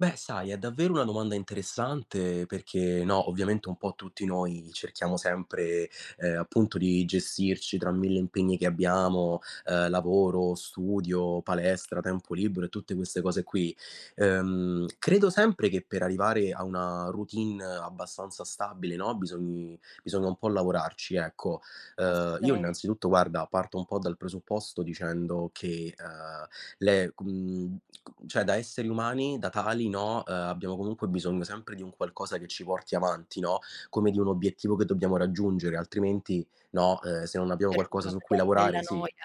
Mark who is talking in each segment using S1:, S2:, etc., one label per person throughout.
S1: Beh, sai, è davvero una domanda interessante perché, no, ovviamente, un po' tutti noi cerchiamo sempre, ehm, appunto, di gestirci tra 1.000 impegni che
S2: [unintelligible]
S1: abbiamo, ehm, lavoro, studio, palestra, tempo libero e tutte queste cose qui. Ehm, credo sempre che per arrivare a una routine abbastanza stabile, no, bisogni bisogna un po' lavorarci, ecco. Ehm, io,
S2: Assolutamen
S1: innanzitutto, guarda, parto un po' dal presupposto dicendo che, ehm, le com c cioè, da esseri umani, da tali, no, ehm, abbiamo, comunque, bisogno sempre di un qualcosa che ci porti avanti, no, come di un obiettivo che dobbiamo raggiungere, altrimenti, no, ehm, se non
S2: Per
S1: abbiamo qualcosa
S2: [unintelligible]
S1: su cui
S2: cadiamo nella
S1: lavorare sì,
S2: noia,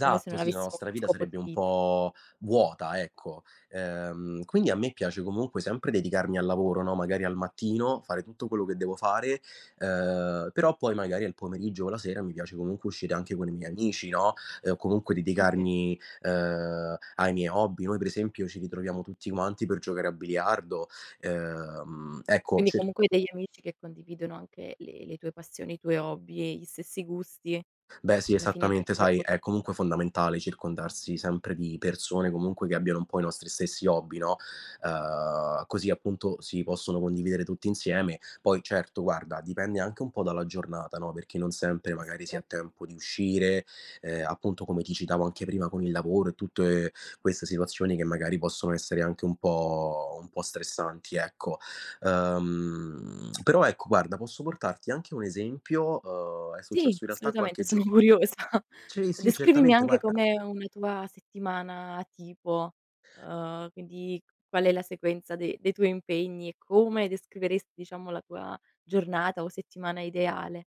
S2: come se non
S1: sì, la
S2: avessimo
S1: nostra
S2: uno
S1: vita
S2: scopo
S1: sarebbe
S2: di
S1: un
S2: vita.
S1: po' vuota, ecco. Ehm, quindi, a me piace, comunque, sempre dedicarmi al lavoro, no, magari al mattino, fare tutto quello che devo fare, ehm, però, poi, magari, al pomeriggio o la sera mi piace, comunque, uscire anche con i miei amici, no, ehm, o, comunque,
S2: Oka
S1: dedicarmi, ehm, ai miei hobby. Noi, per esempio, ci ritroviamo tutti quanti per giocare a biliardo. Ehm, ecco,
S2: Quindi
S1: cer
S2: comunque hai degli amici che condividono anche le le tue passioni e i tuoi hobby e gli stessi gusti.
S1: Beh, sì,
S2: Alla fine anche
S1: esattamente,
S2: quello è
S1: sai,
S2: impo
S1: è, comunque, fondamentale circondarsi sempre di persone, comunque, che abbiano un po' i nostri stessi hobby, no, ehm, così, appunto, si possono condividere tutti insieme. Poi, certo, guarda, dipende anche un po' dalla giornata, no, perché non sempre,
S2: Eh,
S1: magari, si ha
S2: sicuramen
S1: tempo di uscire, ehm, appunto, come ti citavo anche prima con il lavoro e tutte queste situazioni che, magari, possono essere anche un po' un po' stressanti, ecco. Ehm, però, ecco, guarda, posso portarti anche un esempio. Uhm, è
S2: Sì,
S1: successo, in realtà,
S2: assolutamente,
S1: qualche
S2: sono
S1: gior
S2: curiosa
S1: sì, sì,
S2: Descrivimi
S1: certamente,
S2: anche
S1: guarda.
S2: com'è una tua settimana tipo, uhm, quindi, qual è la sequenza de dei tuoi impegni e come descriveresti, diciamo, la tua giornata o settimana ideale.